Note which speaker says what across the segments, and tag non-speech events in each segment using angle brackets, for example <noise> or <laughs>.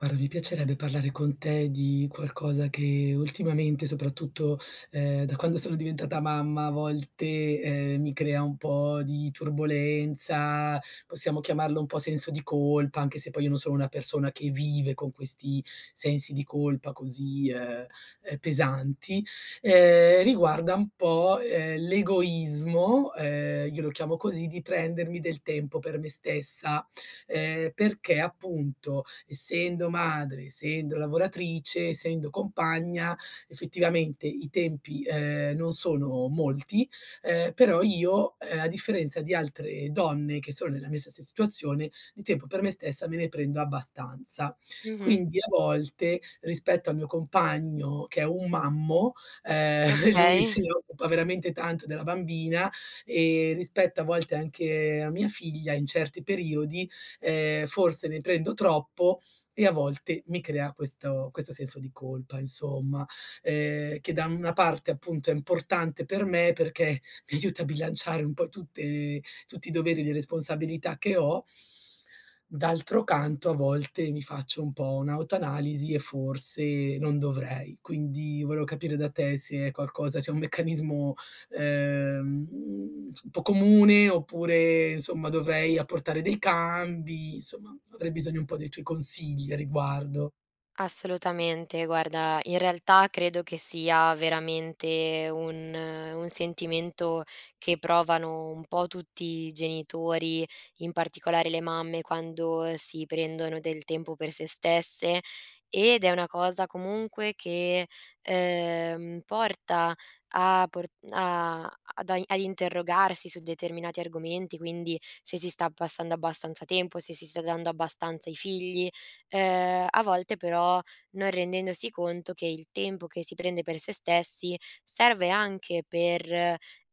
Speaker 1: Guarda mi piacerebbe parlare con te di qualcosa che ultimamente, soprattutto, ehm, da quando sono diventata mamma, a volte, ehm, mi crea un po' di turbolenza, possiamo chiamarlo un po' senso di colpa, anche se poi io non sono una persona che vive con questi sensi di colpa così, ehm ehm, pesanti. Ehm, riguarda un po', ehm, l'egoismo, ehm, io lo chiamo così, di prendermi del tempo per me stessa, ehm, perché appunto, essendo madre, essendo lavoratrice, essendo compagna, effettivamente i tempi, ehm, non sono molti, ehm, però io, ehm, a differenza di altre donne che sono nella mia stessa situazione, di tempo per me stessa me ne prendo abbastanza.
Speaker 2: Mh-mh.
Speaker 1: Quindi a volte, rispetto al mio compagno che è un mammo, ehm, <chuckles> lui
Speaker 2: Okay.
Speaker 1: se ne occupa veramente tanto della bambina, ehm, rispetto a volte anche a mia figlia, in certi periodi, ehm, forse ne prendo troppo e a volte mi crea questo questo senso di colpa, insomma, ehm, che da una parte, appunto, è importante per me perché mi aiuta a bilanciare un po' tutte tutti i doveri di responsabilità che ho d'altro canto a volte mi faccio un po' un'autoanalisi e forse non dovrei. Quindi volevo capire da te se è qualcosa se è un meccanismo, ehm, uhm, <tsk> un po' comune oppure, insomma, dovrei apportare dei cambi, insomma, avrei bisogno un po' dei tuoi consigli a riguardo.
Speaker 2: Assolutamente. Guarda, in realtà credo che sia veramente un un sentimento che provano un po' tutti i genitori, in particolare le mamme, quando si prendono del tempo per se stesse, ed è una cosa comunque che, ehm, porta a por a ad ai a interrogarsi su determinati argomenti, quindi se si sta passando abbastanza tempo, se si sta dando abbastanza ai figli; ehm, a volte però non rendendosi conto che il tempo che si prende per se stessi serve anche per,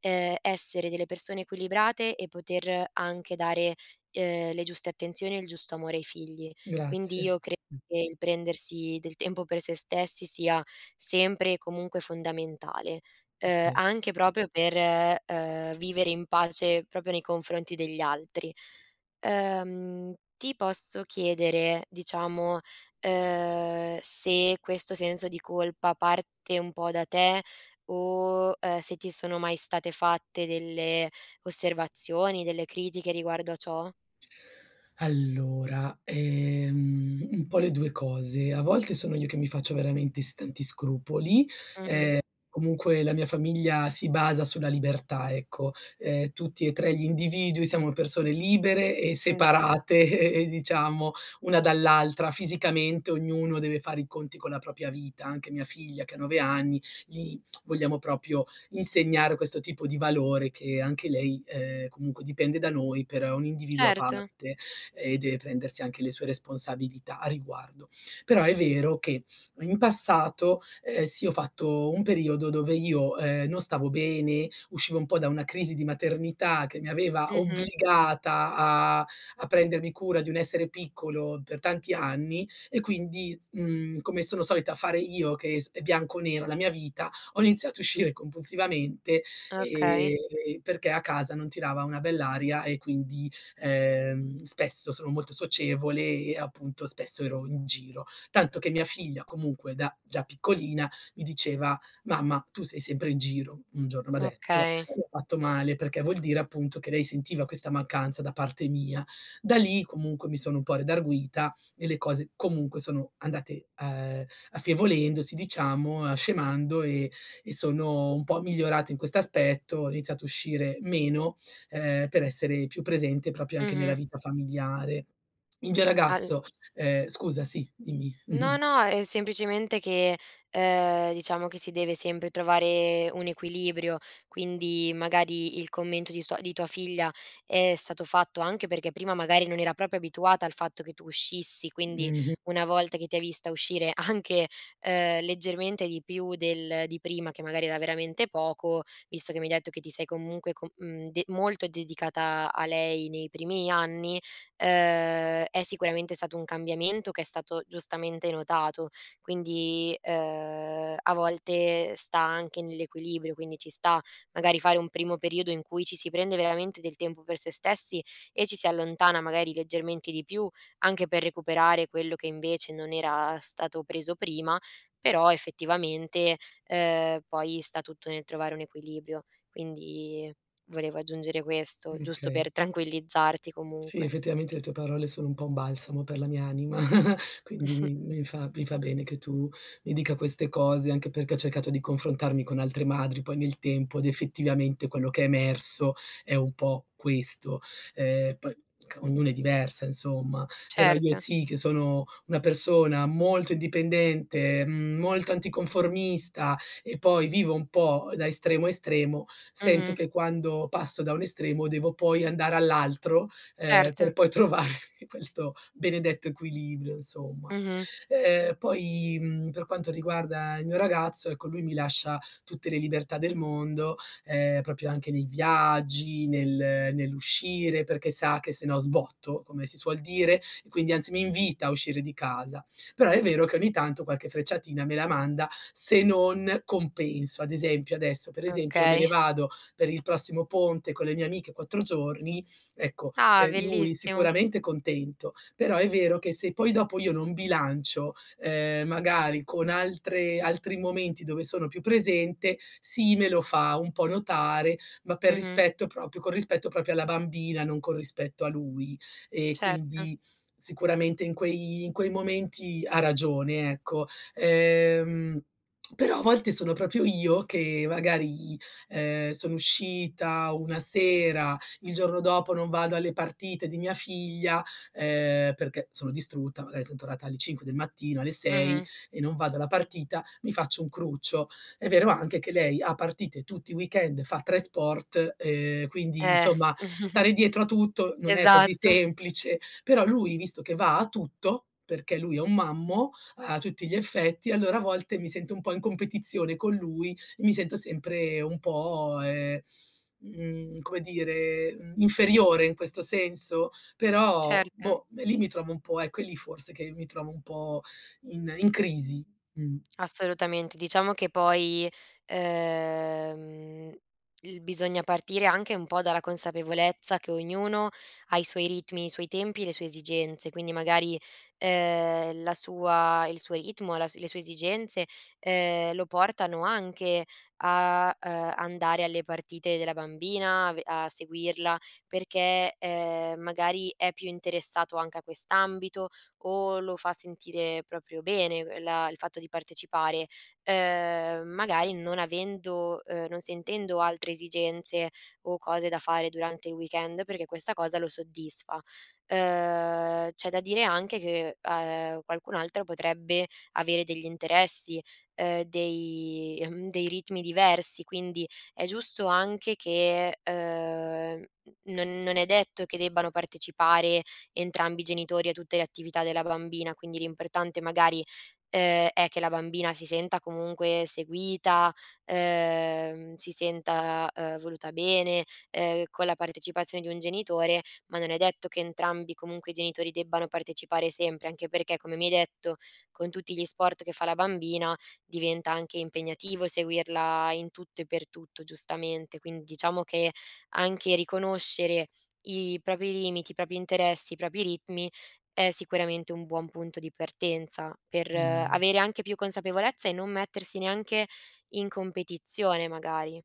Speaker 2: ehm, essere delle persone equilibrate e poter anche dare, ehm, le giuste attenzioni e il giusto amore ai figli. Quindi
Speaker 1: Grazie.
Speaker 2: io credo che il prendersi del tempo per se stessi sia sempre e comunque fondamentale, ehm,
Speaker 1: Okay.
Speaker 2: anche proprio per, ehm, vivere in pace proprio nei confronti degli altri. Ehm, ti posso chiedere, diciamo, ehm, se questo senso di colpa parte un po' da te o, ehm, se ti sono mai state fatte delle osservazioni, delle critiche riguardo a ciò?
Speaker 1: Allora, ehm, un po' le 2 cose: a volte sono io che mi faccio veramente s tanti scrupoli,
Speaker 2: Mh-mh.
Speaker 1: ehm, comunque la mia famiglia si basa sulla libertà, ecco: ehm, tutti e 3 gli individui siamo persone libere e
Speaker 2: Mh, ghe
Speaker 1: separate e e diciamo, una dall'altra fisicamente, ognuno deve fare i conti con la propria vita, anche mia figlia che ha 9 anni, li <smacks lips> vogliamo proprio insegnare questo tipo di valore, che anche lei, ehm, comunque dipende da noi per un individuo a
Speaker 2: Certo.
Speaker 1: parte e deve prendersi anche le sue responsabilità a riguardo. Però è vero che in passato, ehm, sì, ho fatto un periodo dove io, ehm, non stavo bene, uscivo un po' da una crisi di maternità che mi aveva
Speaker 2: Mh-mh.
Speaker 1: obbligata a a prendermi cura di un essere piccolo per tanti anni, e quindi, s mhmm, come sono solita fare io, che è sp è bianco o nero la mia vita, ho iniziato a uscire compulsivamente
Speaker 2: Okay.
Speaker 1: e e e perché a casa non tirava una bella aria e quindi, ehm, spesso sono molto socievole e, appunto, spesso ero in giro; tanto che mia figlia comunque da già piccolina mi diceva: “Mamma, tu sei sempre in giro”, un giorno m'ha detto,
Speaker 2: Okay.
Speaker 1: e mi ha fatto male perché vuol dire, appunto, che lei sentiva questa mancanza da parte mia. Da lì comunque mi sono un po' redarguita e le cose comunque sono andate, ehm, affievolendosi, diciamo, uhm, scemando e e sono un po' migliorata in questo aspetto, ho iniziato a uscire meno, ehm, per essere più presente proprio anche nella
Speaker 2: Mh-mh.
Speaker 1: vita familiare. Il mio
Speaker 2: Al
Speaker 1: ragazzo, ehm scusa, sì, dimmi.
Speaker 2: No,
Speaker 1: Mh-mh.
Speaker 2: no, è semplicemente che, ehm, diciamo che si deve sempre trovare un equilibrio, quindi magari il commento di sua di tua figlia è stato fatto anche perché prima magari non era proprio abituata al fatto che tu uscissi, quindi
Speaker 1: Mh-mh.
Speaker 2: una volta che ti ha vista uscire anche, ehm, leggermente di più del di prima, che magari era veramente poco, visto che mi hai detto che ti sei comunque co mhmm, de molto dedicata a a lei nei primi anni, ehm, è sicuramente stato un cambiamento che è stato giustamente notato. Quindi, ehm, a volte sta anche nell'equilibrio, quindi ci sta magari fare un primo periodo in cui ci si prende veramente del tempo per se stessi e ci si allontana magari leggermente di più, anche per recuperare quello che invece non era stato preso prima; però effettivamente, ehm, poi sta tutto nel trovare un equilibrio. Quindi volevo aggiungere questo,
Speaker 1: Mh,
Speaker 2: giusto
Speaker 1: okay.
Speaker 2: per tranquillizzarti
Speaker 1: Sì,
Speaker 2: comunque.
Speaker 1: effettivamente le tue parole sono un po' un balsamo per la mia anima, <laughs> quindi
Speaker 2: <snorts>
Speaker 1: mi mi fa mi fa bene che tu mi dica queste cose, anche perché ho cercato di confrontarmi con altre madri poi nel tempo ed effettivamente quello che è emerso è un po' questo. Ehm, poi c ognuno è diversa, insomma, però io
Speaker 2: Certo.
Speaker 1: sì che sono una persona molto indipendente, mhmm, molto anticonformista e poi vivo un po' da estremo a estremo, sento
Speaker 2: Mh-mh.
Speaker 1: che quando passo da un estremo devo poi andare all'altro, ehm,
Speaker 2: Certo.
Speaker 1: per poi trovare questo benedetto equilibrio, insomma.
Speaker 2: Mh-mh.
Speaker 1: Ehm, poi, mhmm, per quanto riguarda il mio ragazzo, ecco, lui mi lascia tutte le libertà del mondo, ehm, proprio anche nei viaggi, nel nell'uscire, perché sa che se no sbotto, come si suol dire, e quindi anzi mi invita a uscire di casa. Però è vero che ogni tanto qualche frecciatina me la manda se non compenso. Ad esempio, adesso per esempio, me ne
Speaker 2: Okay.
Speaker 1: vado per il prossimo ponte con le mie amiche 4 giorni, ecco,
Speaker 2: Ah
Speaker 1: ehm, lui
Speaker 2: bellissimo.
Speaker 1: sicuramente contento, però è vero che se poi dopo io non bilancio, ehm, magari con altre altri momenti dove sono più presente, sì, me lo fa un po' notare, ma per
Speaker 2: Mh-mh.
Speaker 1: rispetto proprio con rispetto proprio alla bambina, non con rispetto a lui. E
Speaker 2: Certo.
Speaker 1: quindi sicuramente in quei in quei momenti ha ragione, ecco. Ehm, <smacks lips> però a volte sono proprio io che magari, ehm, sono uscita una sera, il giorno dopo non vado alle partite di mia figlia, ehm, perché sono distrutta, magari son tornata alle 5 del mattino, alle
Speaker 2: Mh
Speaker 1: 6
Speaker 2: mh.
Speaker 1: e non vado alla partita, mi faccio un cruccio. È vero anche che lei ha partite tutti i weekend, fa 3 sport, ehm, quindi,
Speaker 2: Eh.
Speaker 1: insomma,
Speaker 2: <chuckles>
Speaker 1: stare dietro a tutto non è così
Speaker 2: Esatto.
Speaker 1: semplice. Però lui visto che va a tutto, perché lui è un mammo, a tutti gli effetti, allora a volte mi sento un po' in competizione con lui e mi sento sempre un po', ehm, mhmm, come dire, mhmm, inferiore in questo senso; però
Speaker 2: Certo.
Speaker 1: boh, e lì mi trovo un po' ecco, è lì forse che mi trovo un po' in in crisi, mh.
Speaker 2: Assolutamente. Diciamo che poi, ehm, l bisogna partire anche un po' dalla consapevolezza che ognuno ha i suoi ritmi, i suoi tempi e le sue esigenze. Quindi magari, ehm, la sua il suo ritmo, la le sue esigenze, ehm, lo portano anche a, ehm, andare alle partite della bambina, a ve a seguirla, perché, ehm, magari è più interessato anche a quest'ambito o lo fa sentire proprio bene l la il fatto di partecipare, ehm, magari non avendo, ehm non sentendo altre esigenze o cose da fare durante il weekend, perché questa cosa lo soddisfa. Ehm, c'è da dire anche che, ehm, qualcun altro potrebbe avere degli interessi, ehm, dei mhmm, dei ritmi diversi, quindi è giusto anche che, ehm, mhmm, non non è detto che debbano partecipare entrambi i genitori a tutte le attività della bambina, quindi l'importante, magari, ehm, è che la bambina si senta comunque seguita, ehm, si senta, ehm, voluta bene, ehm, con la partecipazione di un genitore, ma non è detto che entrambi comunque i genitori debbano partecipare sempre, anche perché, come mi hai detto, con tutti gli sport che fa la bambina diventa anche impegnativo seguirla in tutto e per tutto, giustamente. Quindi diciamo che anche riconoscere i propri limiti, i propri interessi, i propri ritmi è sicuramente un buon punto di partenza per
Speaker 1: Mh.
Speaker 2: avere anche più consapevolezza e non mettersi neanche in competizione, magari.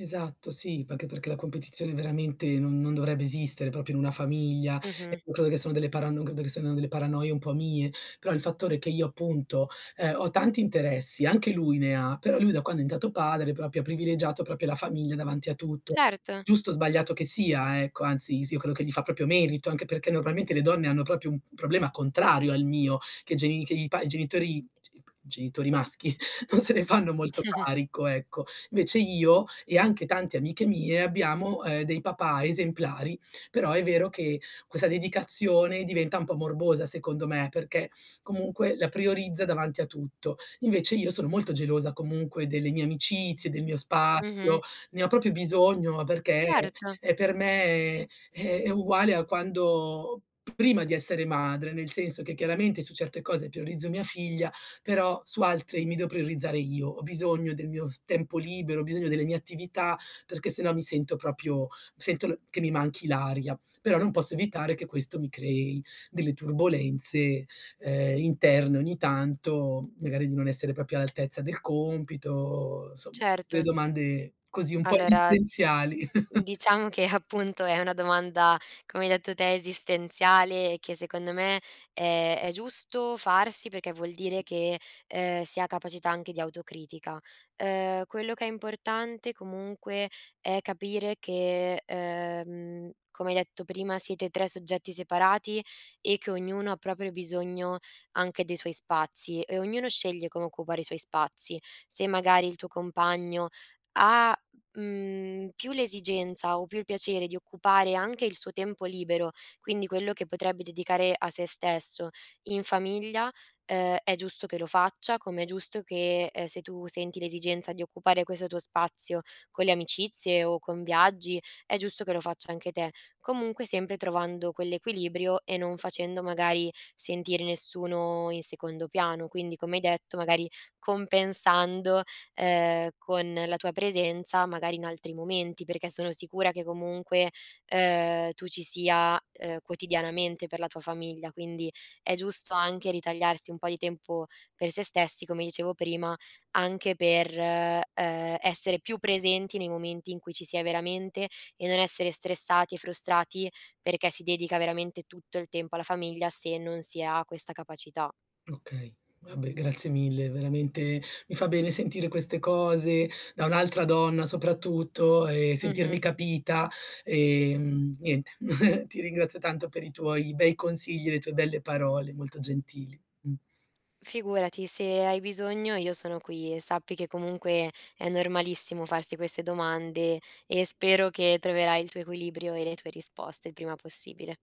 Speaker 1: Esatto, sì. Perché- perché la competizione veramente non non dovrebbe esistere proprio in una famiglia
Speaker 2: Mh-mh.
Speaker 1: e credo che sono delle parano credo che sono delle paranoie un po' mie. Però il fattore che io, appunto, ehm, ho tanti interessi, anche lui ne ha, però lui da quando è diventato padre ha proprio privilegiato proprio la famiglia davanti a tutto,
Speaker 2: Certo.
Speaker 1: giusto o sbagliato che sia, ecco, anzi, sì, io credo che gli fa proprio merito, anche perché normalmente le donne hanno proprio un problema contrario al mio: che geni che i pa i genitori g p genitori maschi non se ne fanno molto
Speaker 2: <chuckles>
Speaker 1: carico, ecco. Invece io e anche tante amiche mie abbiamo, ehm, dei papà esemplari; però è vero che questa dedicazione diventa un po' morbosa secondo me, perché <sniffs> comunque la priorizza davanti a tutto. Invece io sono molto gelosa comunque delle mie amicizie, del mio
Speaker 2: Mh-mh.
Speaker 1: spazio, ne ho proprio bisogno, ma perché è
Speaker 2: Certo.
Speaker 1: è per me è è uguale a quando p prima di essere madre, nel senso che chiaramente su certe cose priorizzo mia figlia, però su altre mi devo priorizzare io. Ho bisogno del mio s tempo libero, ho bisogno delle mie attività, perché se no mi sento proprio mi sento l che mi manchi l'aria. Però non posso evitare che questo mi crei delle turbolenze, ehm, interne ogni tanto, magari di non essere proprio all'altezza del compito, somma, delle
Speaker 2: Certo.
Speaker 1: domande così un po'
Speaker 2: Allora mhmm,
Speaker 1: esistenziali <chuckles>
Speaker 2: diciamo che appunto è una domanda, come hai detto te, esistenziale e che secondo me è è giusto farsi perché vuol dire che, ehm, si ha capacità anche di autocritica. Ehm, quello che è importante, comunque, è capire che, ehm, come hai detto prima, siete 3 soggetti separati e che ognuno ha proprio bisogno anche dei suoi spazi e ognuno sceglie come occupare i suoi spazi. Se magari il tuo compagno ha, mhmm, più l'esigenza o più il piacere di occupare anche il suo tempo libero, quindi quello che potrebbe dedicare a se stesso, in famiglia, ehm, è giusto che lo faccia, come è giusto che, ehm, se tu senti l'esigenza di occupare questo tuo spazio con le amicizie o con viaggi, è giusto che lo faccia anche te. Comunque sempre trovando quell'equilibrio e non facendo magari sentire nessuno in secondo piano. Quindi, come hai detto, magari compensando, ehm, con la tua presenza magari in altri momenti, perché sono sicura che comunque, ehm, tu ci sia, ehm, quotidianamente per la tua famiglia, quindi è giusto anche ritagliarsi un po' di tempo per se stessi, come dicevo prima, anche per, ehm, essere più presenti nei momenti in cui ci sia veramente e non essere stressati e frustrati perché si dedica veramente tutto il tempo alla famiglia, se non si ha questa capacità.
Speaker 1: Okay. Vabbè grazie mille, veramente mi fa bene sentire queste cose da un'altra donna soprattutto e
Speaker 2: Mh-mh.
Speaker 1: sentirmi capita, ehm, niente, <giggles> ti ringrazio tanto per i tuoi bei consigli e le tue belle parole, molto gentili, mh.
Speaker 2: Figurati, se hai bisogno io sono qui e sappi che comunque è normalissimo farsi queste domande e spero che troverai il tuo equilibrio e le tue risposte il prima possibile.